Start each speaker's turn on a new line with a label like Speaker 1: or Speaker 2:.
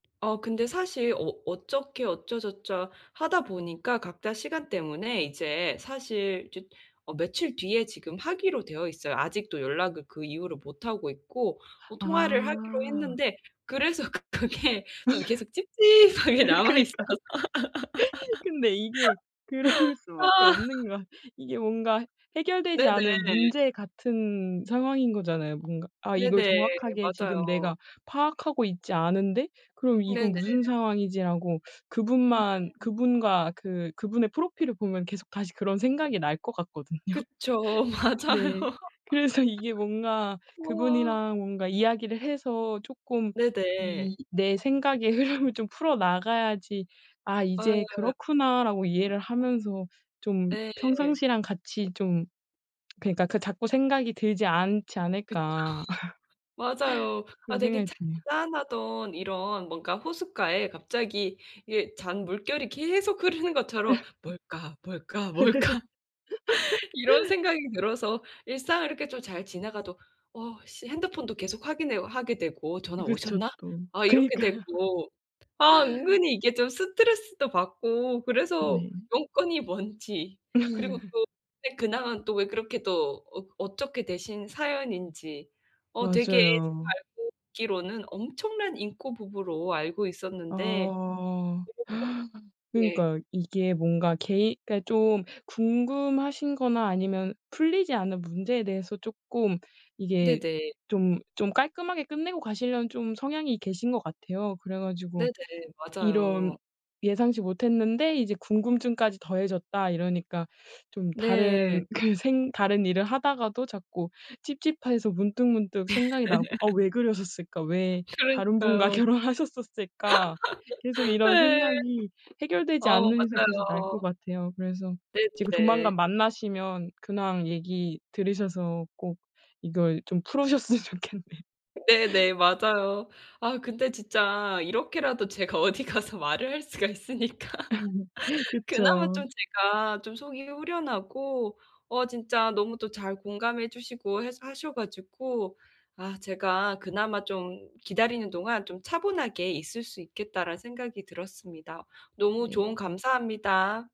Speaker 1: 어. 근데 사실 어 어떻게 어쩌저쩌 하다 보니까 각자 시간 때문에 이제 사실 저 어, 며칠 뒤에 지금 하기로 되어 있어요. 아직도 연락을 그 이후로 못하고 있고. 어. 통화를 하기로
Speaker 2: 아.
Speaker 1: 했는데 그래서 그 그게 좀 계속 찝찝하게 남아 있어서.
Speaker 2: 그니까. 근데 이게 그럴 수 밖에
Speaker 1: 아.
Speaker 2: 없는 건 이게 뭔가 해결되지 않은
Speaker 1: 네네.
Speaker 2: 문제 같은 상황인 거잖아요. 뭔가 '아. 이걸
Speaker 1: 네네.
Speaker 2: 정확하게
Speaker 1: 맞아요.
Speaker 2: 지금 내가 파악하고 있지 않은데 그럼 이건
Speaker 1: 네네.
Speaker 2: 무슨 상황이지?' 라고 그분만
Speaker 1: [unintelligible]
Speaker 2: 그분과 그 그분의 프로필을 보면 계속 다시 그런 생각이 날 것 같거든요.
Speaker 1: 그쵸. 맞아요.
Speaker 2: 네. 그래서 이게 뭔가 그
Speaker 1: 와.
Speaker 2: 분이랑 뭔가 이야기를 해서 조금 이
Speaker 1: 네네.
Speaker 2: 내 생각의 흐름을 좀 풀어 나가야지 아 이제
Speaker 1: 어.
Speaker 2: '그렇구나.' 라고 이해를 하면서 좀
Speaker 1: 예.
Speaker 2: 평상시랑 같이 좀 그니까 그 자꾸 생각이 들지 않지
Speaker 1: 그쵸.
Speaker 2: 않을까.
Speaker 1: 맞아요. 아,
Speaker 2: 그런
Speaker 1: 되게
Speaker 2: 생각이 드네요.
Speaker 1: 잔잔하던 이런 뭔가 호숫가에 갑자기 이게 잔물결이 계속 흐르는 것처럼 '뭘까, 뭘까, 뭘까?' 이런 생각이 들어서 일상을 이렇게 좀 잘 지나가도 '어, 씨.' 핸드폰도 계속 확인해오 하게 되고 '전화
Speaker 2: 그쵸,
Speaker 1: 오셨나?'
Speaker 2: 또.
Speaker 1: 아. 이렇게
Speaker 2: 그러니까요.
Speaker 1: 되고. 아. 은근히 이게 좀 스트레스도 받고 그래서
Speaker 2: 네.
Speaker 1: 용건이 뭔지 그리고 또 근황은 또 왜 그렇게 또 어떻게 되신 사연인지. 어, 되게 제가
Speaker 2: 맞아요.
Speaker 1: 알고 있기로는 엄청난 잉꼬 부부로 알고 있었는데.
Speaker 2: 아.
Speaker 1: 이렇게 예.
Speaker 2: 그러니까요. 이게 뭔가 개인 그니까 좀 궁금하신 거나 아니면 풀리지 않은 문제에 대해서 쪼끔 이게
Speaker 1: 네네.
Speaker 2: 좀, 좀 깔끔하게 끝내고 가시려는 좀 성향이 계신 것 같아요. 그래 가지고
Speaker 1: 네네.
Speaker 2: 이런
Speaker 1: 맞아요.
Speaker 2: 예상치 못했는데 이제 궁금증까지 더해졌다 이러니까 좀
Speaker 1: 네.
Speaker 2: 다른 그 생 다른 일을 하다가도 자꾸 찝찝해서 문득문득 생각이 나고 '아. 왜 그러셨을까? 왜 다른 분과
Speaker 1: 그러니까요.
Speaker 2: 결혼하셨었을까?' 계속 이런
Speaker 1: 예.
Speaker 2: 생각이 해결되지
Speaker 1: 어.
Speaker 2: 않는 이상 계속 날 것
Speaker 1: 맞아요.
Speaker 2: 같아요. 그래서
Speaker 1: 네,
Speaker 2: 지금 조만간
Speaker 1: 네.
Speaker 2: 만나시면 근황 얘기 들으셔서 꼭 이걸 좀 풀으셨으면 좋겠네요.
Speaker 1: 네네. 맞아요. 아, 근데 진짜 이렇게라도 제가 어디 가서 말을 할 수가 있으니까. 그나마
Speaker 2: 그쵸.
Speaker 1: 좀 제가 좀 속이 후련하고 어 진짜 너무 또 잘 공감해 주시고 해서 하셔 가지고 아 제가 그나마 좀 기다리는 동안 좀 차분하게 있을 수 있겠다라는 생각이 들었습니다. 너무
Speaker 2: 네.
Speaker 1: 조언 감사합니다.